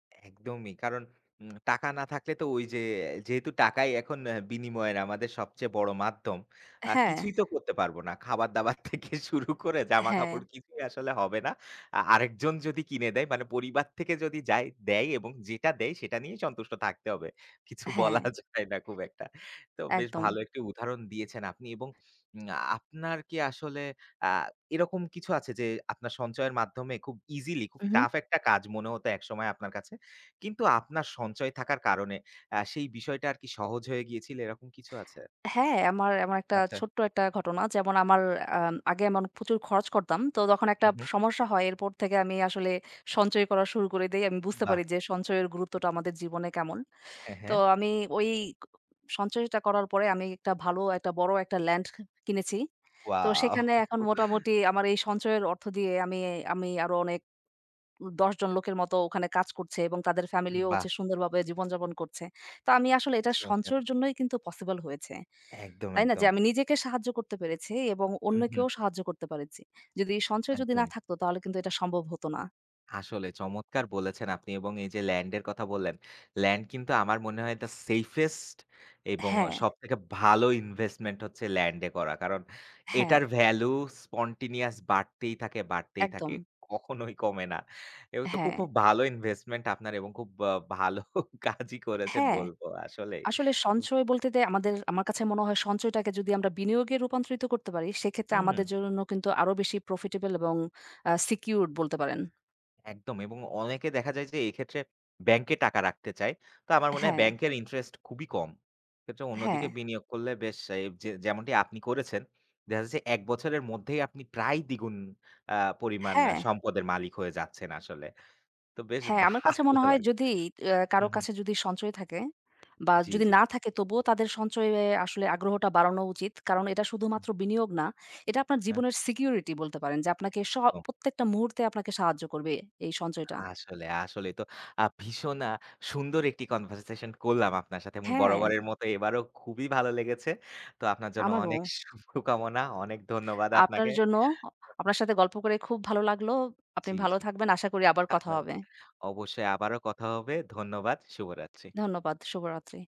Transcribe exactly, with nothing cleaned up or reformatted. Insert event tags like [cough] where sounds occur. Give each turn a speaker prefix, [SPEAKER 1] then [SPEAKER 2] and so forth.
[SPEAKER 1] একদমই কারণ উম টাকা না থাকলে তো ওই যে যেহেতু টাকাই এখন বিনিময়ের আমাদের সবচেয়ে বড় মাধ্যম আ
[SPEAKER 2] হ্যাঁ।
[SPEAKER 1] কিছুই তো করতে পারব না খাবার দাবার থেকে শুরু করে
[SPEAKER 2] হ্যাঁ।
[SPEAKER 1] জামাকাপড় কিছুই আসলে হবে না। আ আরেকজন যদি কিনে দেয় মানে পরিবার থেকে যদি যায় দেয় এবং যেটা দেয় সেটা নিয়েই সন্তুষ্ট থাকতে হবে কিছু বলা
[SPEAKER 2] হ্যাঁ।
[SPEAKER 1] যায় না খুব একটা। তো বেশ
[SPEAKER 2] একদম।
[SPEAKER 1] ভালো একটি উদাহরণ দিয়েছেন আপনি এবং উম আপনার কি আসলে আ এরকম কিছু আছে যে আপনার সঞ্চয়ের মাধ্যমে খুব ইজিলি খুব
[SPEAKER 2] উহুম।
[SPEAKER 1] টাফ একটা কাজ মনে হতো একসময় আপনার কাছে কিন্তু আপনার সঞ্চয় থাকার কারণে আ সেই বিষয়টা আর কি সহজ হয়ে গিয়েছিল এরকম কিছু আছে?
[SPEAKER 2] হ্যাঁ, আমার এমন একটা
[SPEAKER 1] আচ্ছা।
[SPEAKER 2] ছোট্ট একটা ঘটনা যেমন আমার আম আগে এমন প্রচুর খরচ করতাম। তো তখন একটা
[SPEAKER 1] হুম, হুম।
[SPEAKER 2] সমস্যা হয় এরপর থেকে আমি আসলে সঞ্চয় করা শুরু করে দেই আমি বুঝতে
[SPEAKER 1] বাহ!
[SPEAKER 2] পারি যে সঞ্চয়ের গুরুত্বটা আমাদের জীবনে কেমন।
[SPEAKER 1] হ্যাঁ,
[SPEAKER 2] তো
[SPEAKER 1] হ্যাঁ।
[SPEAKER 2] আমি ওই সঞ্চয়টা করার পরে আমি একটা ভালো একটা বড় একটা ল্যান্ড ক কিনেছি। তো
[SPEAKER 1] ওয়াও।
[SPEAKER 2] সেখানে এখন
[SPEAKER 1] [chuckles]
[SPEAKER 2] মোটামুটি আমার এই সঞ্চয়ের অর্থ দিয়ে আমি আমি আরো অনেক উম দশ জন লোকের মতো ওখানে কাজ করছে এবং তাদের ফ্যামিলিও
[SPEAKER 1] বাহ!
[SPEAKER 2] হচ্ছে সুন্দরভাবে জীবনযাপন করছে। তো আমি আসলে এটা
[SPEAKER 1] চমৎকার।
[SPEAKER 2] সঞ্চয়ের জন্যই কিন্তু পসিবল হয়েছে।
[SPEAKER 1] একদম,
[SPEAKER 2] হয় না যে
[SPEAKER 1] একদম।
[SPEAKER 2] আমি নিজেকে সাহায্য করতে পেরেছি এবং
[SPEAKER 1] হুম, হুম।
[SPEAKER 2] অন্যকেও সাহায্য করতে পেরেছি। যদি সঞ্চয় যদি না
[SPEAKER 1] একদমই।
[SPEAKER 2] থাকতো তাহলে কিন্তু এটা সম্ভব হত না।
[SPEAKER 1] আসলে চমৎকার বলেছেন আপনি এবং এই যে ল্যান্ড এর কথা বললেন, ল্যান্ড কিন্তু আমার মনে হয় দ্যা সেফেস্ট এবং
[SPEAKER 2] হ্যাঁ।
[SPEAKER 1] সবথেকে ভালো ইনভেস্টমেন্ট হচ্ছে ল্যান্ড এ করা। কারণ
[SPEAKER 2] হ্যাঁ।
[SPEAKER 1] এটার ভ্যালু spontaneous বাড়তেই থাকে, বাড়তেই থাকে
[SPEAKER 2] একদম।
[SPEAKER 1] কখনোই কমে না। এ তো খুব
[SPEAKER 2] হ্যাঁ।
[SPEAKER 1] খুব ভালো ইনভেস্টমেন্ট আপনার এবং খুব ব ভালো কাজই করেছেন
[SPEAKER 2] হ্যাঁ,
[SPEAKER 1] বলবো আসলেই।
[SPEAKER 2] আসলে
[SPEAKER 1] হুম।
[SPEAKER 2] সঞ্চয় বলতে দে আমাদের আমার কাছে মনে হয় সঞ্চয়টাকে যদি আমরা বিনিয়োগে রূপান্তরিত করতে পারি সেক্ষেত্রে
[SPEAKER 1] হু, হুম।
[SPEAKER 2] আমাদের জন্য কিন্তু আরো বেশি প্রফিটেবল এবং আ সিকিউরড বলতে পারেন।
[SPEAKER 1] একদম এবং অনেকে দেখা যায় যে এক্ষেত্রে ব্যাংকে টাকা রাখতে চায়। তো আমার মনে হয়
[SPEAKER 2] হ্যাঁ।
[SPEAKER 1] ব্যাংকের ইন্টারেস্ট খুবই কম। এক্ষেত্রে অন্যদিকে
[SPEAKER 2] হ্যাঁ।
[SPEAKER 1] বিনিয়োগ করলে বেশ এ যে যেমনটি আপনি করেছেন দেখা যাচ্ছে এক বছরের মধ্যেই আপনি প্রায় দ্বি গুন। আ পরিমাণ
[SPEAKER 2] হ্যাঁ।
[SPEAKER 1] সম্পদের মালিক হয়ে যাচ্ছেন আসলে, তো বেশ
[SPEAKER 2] হ্যাঁ, আমার কাছে
[SPEAKER 1] ভালো
[SPEAKER 2] মনে হয়
[SPEAKER 1] লাগলো।
[SPEAKER 2] যদি আ কারো
[SPEAKER 1] হুম, হুম।
[SPEAKER 2] কাছে যদি সঞ্চয় থাকে বা
[SPEAKER 1] জি,
[SPEAKER 2] যদি
[SPEAKER 1] জি।
[SPEAKER 2] না থাকে তবুও তাদের সঞ্চয়ে আসলে আগ্রহটা বাড়ানো উচিত। কারণ এটা
[SPEAKER 1] হুম।
[SPEAKER 2] শুধুমাত্র বিনিয়োগ না। এটা আপনার
[SPEAKER 1] হ্যাঁ।
[SPEAKER 2] জীবনের সিকিউরিটি বলতে পারেন যে আপনাকে সব
[SPEAKER 1] ও।
[SPEAKER 2] প্রত্যেকটা মুহূর্তে আপনাকে সাহায্য করবে এই সঞ্চয়টা।
[SPEAKER 1] আসলে, আসলেই তো আ ভীষণ আ সুন্দর একটি কনভারসেশন করলাম আপনার সাথে এবং
[SPEAKER 2] হ্যাঁ।
[SPEAKER 1] বরাবরের মতো এবারও খুবই ভালো লেগেছে তো আপনার জন্য অনেক
[SPEAKER 2] আমারও।
[SPEAKER 1] শুভকামনা অনেক ধন্যবাদ
[SPEAKER 2] আপনার
[SPEAKER 1] আপনাকে।
[SPEAKER 2] জন্য
[SPEAKER 1] [unintelligible]
[SPEAKER 2] আপনার সাথে গল্প করে খুব ভালো লাগলো, আপনি
[SPEAKER 1] জি,
[SPEAKER 2] ভালো
[SPEAKER 1] জি।
[SPEAKER 2] থাকবেন, আশা করি আবার কথা
[SPEAKER 1] [chuckles]
[SPEAKER 2] হবে।
[SPEAKER 1] অবশ্যই আবারো কথা হবে ধন্যবাদ, শুভরাত্রি।
[SPEAKER 2] ধন্যবাদ, শুভরাত্রি।